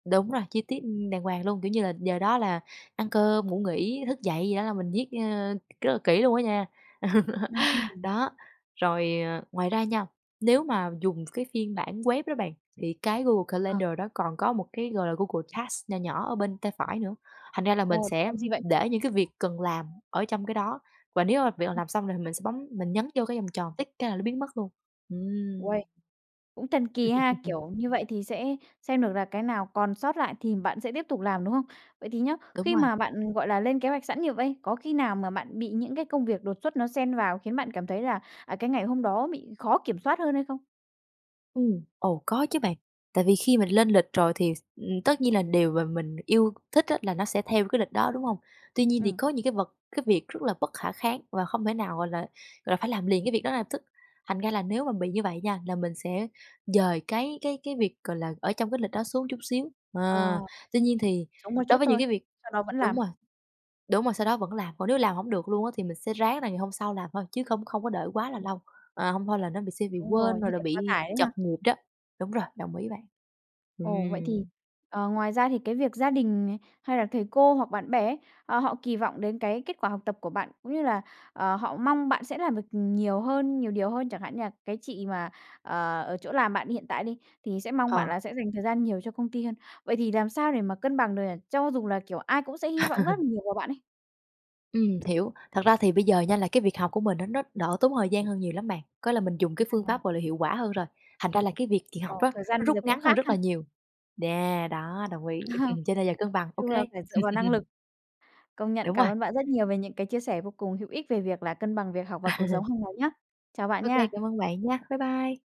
Đúng rồi, chi tiết, ưm, đàng hoàng luôn, kiểu như là, giờ đó là ăn cơm, ngủ nghỉ, thức dậy gì đó là mình viết, ơ, rất là kỹ luôn á nha. Ừm, ừm. Đó, rồi, ờ, ngoài ra nha, nếu mà dùng cái phiên bản web đó bạn, thì cái Google Ờ. Calendar đó còn có một cái, gọi là, Google Tasks nho nhỏ ở bên tay phải nữa, thành ra là mình Ồ, để sẽ làm gì vậy? để những cái việc cần làm ở trong cái đó, và nếu mà việc nào Ừm. làm xong rồi thì mình sẽ bấm mình nhấn vô cái vòng tròn, tick cái là nó biến mất luôn. Uầy. Ừm. Cũng thần kỳ ha, kiểu, như vậy thì sẽ xem được là cái nào còn sót lại thì bạn sẽ tiếp tục làm, đúng không? Vậy thì nhá, Đúng khi rồi. mà bạn, gọi là, lên kế hoạch sẵn như vây, có khi nào mà bạn bị những cái công việc đột xuất nó xen vào khiến bạn cảm thấy là, à, cái ngày hôm đó bị khó kiểm soát hơn hay không? Ừm, ồ, có chứ bạn, tại vì khi mình lên lịch rồi thì, ừm, tất nhiên là điều mà mình yêu thích á là nó sẽ theo cái lịch đó, đúng hông? Tuy nhiên thì Ừm. có những cái vật cái việc rất là bất khả kháng và không thể nào, gọi là, gọi là, phải làm liền cái việc đó ngay lập tức, thành ra là nếu mà bị như vậy nha, là mình sẽ dời cái cái cái việc, gọi là, ở trong cái lịch đó xuống chút xíu, Ờ. à. Tuy nhiên thì Sống một đối chút với những thôi, cái việc sau đó vẫn đúng làm. rồi, đúng rồi, sau đó vẫn làm, còn nếu làm hổng được luôn á, thì mình sẽ ráng là ngày hôm sau làm thôi chứ không không có đợi quá là Ừm. lâu, ờ, hông thôi là nó bị sẽ bị Đúng quên rồi, rồi như là thể quá bị tải đấy trật ha. nhịp đó. Đúng rồi, đồng ý bạn. Ồ, vậy thì, Ừm. ờ, ngoài ra thì cái việc gia đình nè, hay là thầy cô hoặc bạn bè ấy, ờ, họ kì vọng đến cái kết quả học tập của bạn cũng như là, ờ, họ mong bạn sẽ làm được nhiều hơn, nhiều điều hơn. Chẳng hạn như là cái chị mà, à, ở chỗ làm bạn hiện tại đi thì sẽ mong bạn Ờ. là sẽ dành thời gian nhiều cho công ty hơn, vậy thì làm sao để mà cân bằng được nhỉ, cho dù là, kiểu, ai cũng sẽ hy vọng rất nhiều vào bạn ấy? Ừm, hiểu. Thật ra thì bây giờ nha là cái việc học của mình á, nó đỡ tốn thời gian hơn nhiều lắm bạn, có là mình dùng cái phương À. pháp, gọi là, hiệu quả hơn rồi, thành ra là cái việc kì Ờ, học á, thời gian nó bây rút giờ cũng ngắn hơn khác rất ha? là nhiều. Yeah, đó, đồng ý, cho nên giờ cân bằng Nói OK. chung là phải dựa vào năng lực. Công nhận, Đúng cảm rồi. ơn bạn rất nhiều về những cái chia sẻ vô cùng hữu ích về việc là cân bằng việc học và cuộc sống hàng ngày nhá. Chào bạn OK, nha. cảm ơn bạn nha. Bye bye.